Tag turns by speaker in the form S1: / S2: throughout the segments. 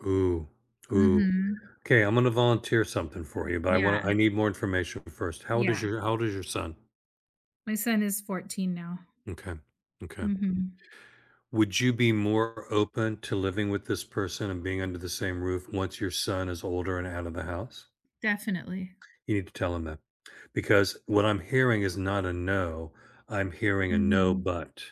S1: eOoh, ooh,
S2: Mhm.
S1: 'kay, I'm gonna volunteer something for you, but I
S2: Yeah.
S1: wanna I need more information first. How old is
S2: Yeah.
S1: your how old is your son?
S2: My son is 14 now.
S1: M'kay, m'kay.
S2: Mhm.
S1: Would you be more open to living with this person and being under the same roof once your son is older and out of the house?
S2: Definitely.
S1: You need to tell him that because what I'm hearing is not a no. I'm hearing a no,
S2: Mhm.
S1: but.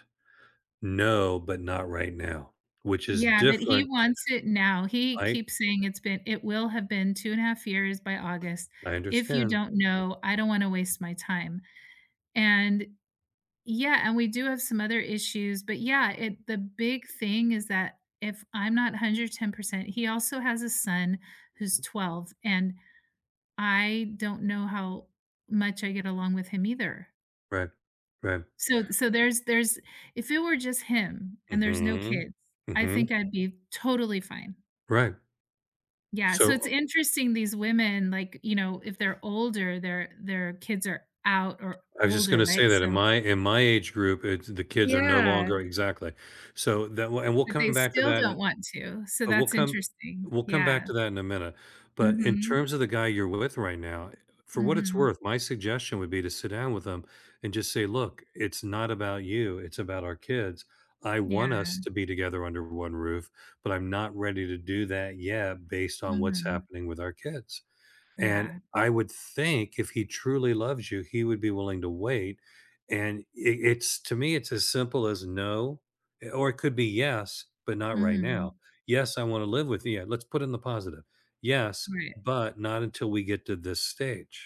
S1: No, but not right now, which is
S2: Yeah, but he
S1: different.
S2: wants it now. He
S1: I
S2: keeps saying it's bee it will have been 2 and a half years by August.
S1: I
S2: If you
S1: understand.
S2: don't know, I don't wanna waste my time. And yeah, and we do have some other issues. But, yeah, it the big thing is that if I'm not 110% he also has a son who's
S1: Mhm.
S2: 12, and I don't know how much I get along with him either.
S1: Right, right.
S2: So so there's there's if it were just him and there's no
S1: Mhm,
S2: kids, I think
S1: mhm.
S2: I'd be totally fine.
S1: Right.
S2: Yeah, so
S1: So,
S2: it's
S1: uh
S2: interesting, these women, like, you know, if they're older, their their kids are out or
S1: I just
S2: older,
S1: gonna
S2: right?
S1: say that in
S2: So
S1: my in my age group, eh the kids are no
S2: Yeah.
S1: longer exactly. So that will and we'll
S2: But they
S1: come back to
S2: still
S1: that in a
S2: don't want to. So
S1: and we'll
S2: that's
S1: come
S2: interesting,
S1: we'll come back
S2: yeah.
S1: to that in a minute. But in
S2: Mhm.
S1: terms of the guy you're with right now, for what it's
S2: Mhm.
S1: worth, my suggestion would be to sit down with him and just say, "Look, it's not about you. It's about our kids. I want us
S2: Yeah.
S1: to be together under one roof, but I'm not ready to do that yet based on what's
S2: Mhm.
S1: happening with our kids" And
S2: Yeah.
S1: I would think if he truly loves you, he would be willing to wait. And it it's to me, it's as simple as no. Or it could be yes, but not right now.
S2: Mhm.
S1: "Yes, I want to live with you." Let's put in the positive. "Yes,
S2: Right.
S1: but not until we get to this stage."